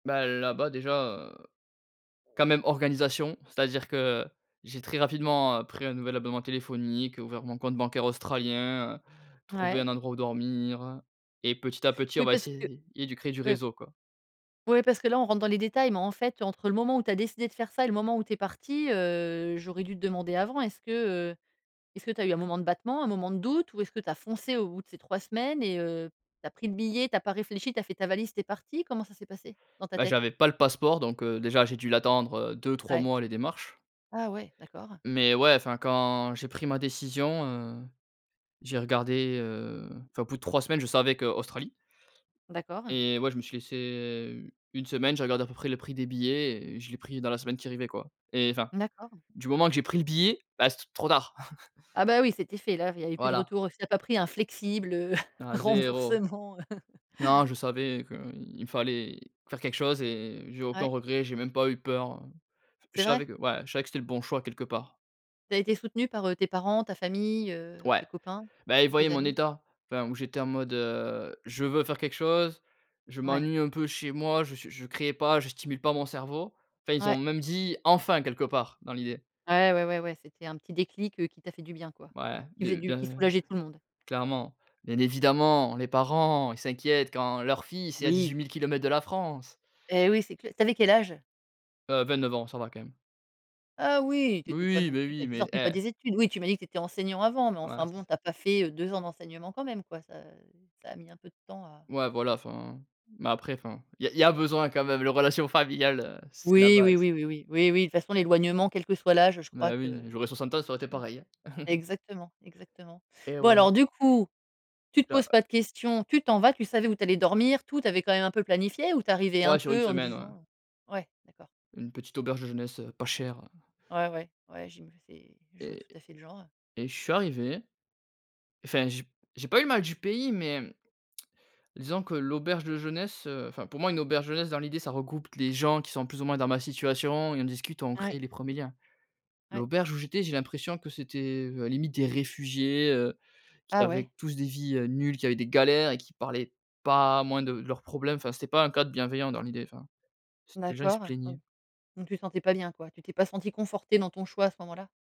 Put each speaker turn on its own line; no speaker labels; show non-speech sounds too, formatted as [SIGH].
Ben, là-bas déjà? Heu. Quand même, organisation. C'est-à-dire que j'ai très rapidement pris un nouvel abonnement téléphonique, ouvert mon compte bancaire australien. heu, trouvé
Ouais.
un endroit où dormir et petit à petit, on
Oui,
va
parce que.
essayer de créer du
Ouais
réseau, quoi.
ouais, parce que là, on rentre dans les détails. Mais, en fait, entre le moment où tu as décidé de faire ça et le moment où tu es parti, heu, j'aurais dû te demander avant. Est-ce que, heu, est ce que tu as eu un moment de battement, un moment de doute? Ou est-ce que tu as foncé au bout de ces 3 semaines et heu, tu as pris le billet, tu as pas réfléchi, tu as fait ta valise, tu es parti? Comment ça s'est passé dans ta
Bah,
tête?
j'avais pas le passeport. Donc heu, déjà, j'ai dû l'attendre. Heu, 2-3
Ouais.
mois, les démarches.
Ah ouais, d'accord.
Mais ouais, enfin, quand j'ai pris ma décision, heu, j'ai regardé, heu, enfin, au bout de 3 semaines, je savais que: Australie.
D'accord.
Et ouais, je me suis laissé, heu, 1 semaine. J'ai regardé à peu près le prix des billets et je l'ai pris dans la semaine qui arrivait, quoi. Et enfin,
D'accord.
du moment que j'ai pris le billet, bah, c'était trop tard. [CHUCKLES]
Ah bah, oui, c'était fait, là. Il y avait plus de
Voilà.
retour. Si tu as pas pris un flexible, heu, [CHUCKLES]
Non 0.
remboursement, heu. [CHUCKLES]
Non, je savais qu'il fallait faire quelque chose et j'ai aucun
Ouais.
regret. J'ai même pas eu peur. Je
C'est vrai?
savais que ouais, je savais que c'était le bon choix, quelque part.
Tu as été soutenu par, heu, tes parents, ta famille, heu,
Ouais,
tes copains,
bah, ils voyaient
tes
mon
amis?
état. Enfin, où j'étais en mode: heu, je veux faire quelque chose, je
Ouais.
m'ennuie un peu chez moi. Je suis je créais pas, je stimule pas mon cerveau. Enfin ils ont
Ouais.
même dit: «enfin» quelque part, dans l'idée.
Ouais, ouais, ouais, ouais. C'était un petit déclic, heu, qui t'a fait du bien, quoi.
Ouais,
Qui faisait
du
du qui
de
soulageait tout le monde.
clairement. Bien évidemment, les parents, ils s'inquiètent quand leur fils est à
Oui!
18 000 km de la France.
Et oui, c'est cl tu avais quel âge?
Heu, 29 ans, ça va quand même.
Ah oui, tu
Oui
étais pas
oui,
non
mais
plus
oui,
tu
mais
sortais pas
eh
des études. Oui, tu m'as dit que tu étais enseignant avant, mais,
Voilà,
enfin
c'est
bon,
ça.
tu as pas fait, heu, 2 ans d'enseignement quand même, quoi. Ça ça a mis un peu de temps à
Ouais, voilà, enfin. Mais après, enfin Il y a il y a besoin, quand même. Les relations familiales, heu, c'est la
Oui, oui,
base.
oui, oui, oui, oui, oui. De toute façon, l'éloignement, quel que soit l'âge, je crois
Mais
que
oui, j'aurais 60 ans, ça aurait été
jamais
pareil, hein. [CHUCKLES]
exactement, exactement.
Et
Bon,
ouais.
alors, du coup, tu te
J'a
poses pas de questions, tu t'en vas. Tu savais où tu allais dormir, tout? Tu avais quand même un peu planifié ou tu arrivais un
Ouais, sur une
peu en te
semaine, ouais.
disant, heu ouais, d'accord.
Une petite auberge de jeunesse, heu, pas chère.
Ouais, ouais. Ouais, j'ima c'est je vois
Et
tout à fait le genre.
et je suis arrivé, enfin, je j'ai pas eu le mal du pays, mais, [TSK] disons que l'auberge de jeunesse heu, enfin, pour moi, une auberge de jeunesse, dans l'idée, ça regroupe les gens qui sont plus ou moins dans ma situation et on discute, on
Ouais.
crée les 1ers liens.
Ouais.
L'auberge où j'étais, j'ai l'impression que c'était limite des réfugiés, heu, qui
Ah ouais.
avaient tous des vies, heu, nulles, qui avaient des galères et qui parlaient pas, moins de de leurs problèmes. Enfin c'était pas un cadre bienveillant, dans l'idée, enfin, c'était les gens, ils se
D'accord.
plaignaient.
Donc donc tu te sentais pas bien, quoi. Tu t'es pas senti conforté dans ton choix, à ce moment là?